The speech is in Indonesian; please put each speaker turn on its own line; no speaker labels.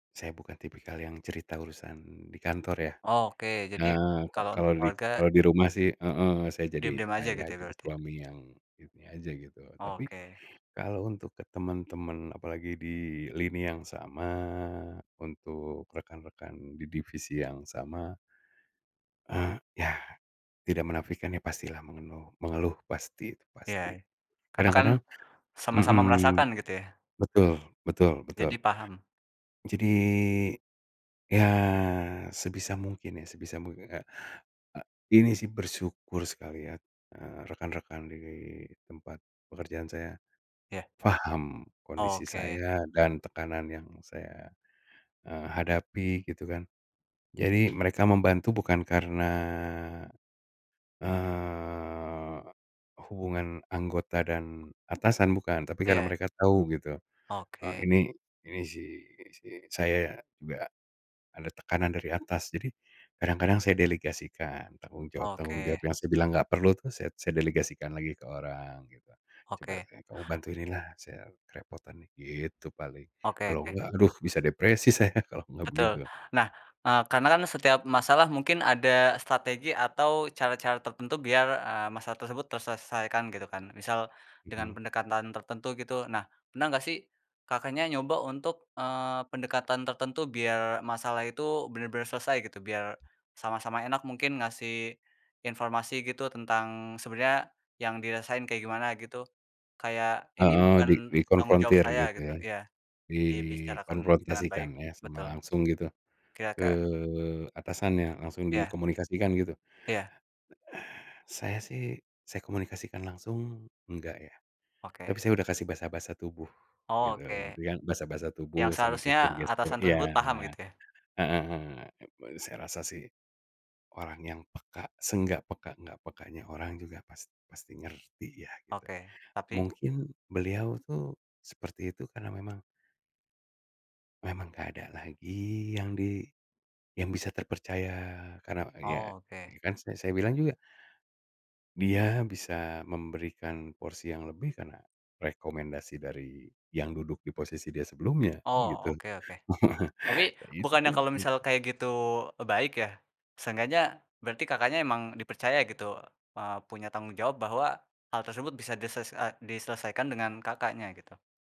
Saya bukan tipikal yang cerita urusan di kantor, ya.
Oke, jadi
Eee, ka
kalau untuk
kalau di
keluarga
kalau di rumah sih heeh, saya jadi
diem-diem aja
ayah,
gitu ya,
jadi
berarti?
suami yang, ini aja gitu. Tapi,
Oke.
kalau untuk ke temen-temen, apalagi di lini yang sama, untuk rekan-rekan di divisi yang sama eee, ya, tidak menafikan ya pastilah mengenuh mengeluh, pasti, itu
Iya,
pasti.
karena kan
Kadang-kadang
sama-sama
mmm,
merasakan, gitu, ya?
betul betul betul.
Jadi, paham.
Jadi, ya, sebisa mungkin ya sebisa mungkin kayak, a ini sih, bersyukur sekali ya, eee, rekan-rekan di tempat pekerjaan saya,
Iya.
paham kondisi
Oke.
saya, dan tekanan yang saya, eee, hadapi, gitu kan. Jadi, mereka membantu bukan karena, eee, hubungan anggota dan atasan, bukan. Tapi karena
Iya.
mereka tahu gitu, eee,
Oke.
ini ini si ini si saya, enggak ada tekanan dari atas. Jadi, kadang-kadang saya delegasikan, tanggung jawab-tanggung jawab
Oke.
yang saya bilang nggak perlu tuh saya saya delegasikan lagi ke orang, gitu. "Coba
Oke.
kamu bantuin ini lah, saya kerepotan nih." Gitu, paling.
Oke
Kalau
oke.
enggak, aduh bisa depresi saya kalau enggak
Betul.
begitu.
Nah, eee, karena kan setiap masalah mungkin ada strategi atau cara-cara tertentu biar, eee, masalah tersebut terselesaikan, gitu, kan? Misal, dengan
Mhm.
pendekatan tertentu, gitu. Nah, pernah nggak sih Kakaknya nyoba untuk, eee, pendekatan tertentu biar masalah itu bener-bener selesai, gitu? Biar sama-sama enak mungkin ngasih informasi gitu, tentang sebenernya yang dirasain kayak gimana, gitu? Kayak, ini
Heeh,
bukan
di
tanggung jawab
dikonfrontir,
saya
gitu,
gitu,
ya?
iya.
Di
Dibicarakan dengan baik,
konfrontasikan ya, sama
betul.
langsung gitu, ke
Kira-kira
atasannya, langsung
Iya.
dikomunikasikan, gitu?
Iya.
Saya sih, saya komunikasikan langsung, enggak, ya.
Oke.
Tapi, saya udah kasih bahasa-bahasa tubuh,
Oh,
gitu,
oke.
gitu kan. Bahasa-bahasa
Yang
tubuh sama
seharusnya
gestur-gestur
atasan tersebut
iya,
paham,
heeh.
gitu, ya?
Gitu, saya rasa sih, orang yang peka, se-enggak peka-enggak pekanya orang, juga past pasti ngerti ya, gitu.
Oke, tapi?
Mungkin, beliau tuh seperti itu karena memang memang nggak ada lagi yang di yang bisa terpercaya. Karena ya,
Oh, oke.
kan sa saya bilang juga dia bisa memberikan porsi yang lebih, karena rekomendasi dari yang duduk di posisi dia sebelumnya, kan
Oh,
gitu.
oke oke. Tapi,
Nah, itu
bukannya
kan
kalau
tuh
misal kayak gitu, e baik, ya? Seenggaknya berarti Kakaknya emang dipercaya gitu, eee, punya tanggung jawab bahwa hal tersebut bisa disese eh, diselesaikan dengan Kakaknya, gitu.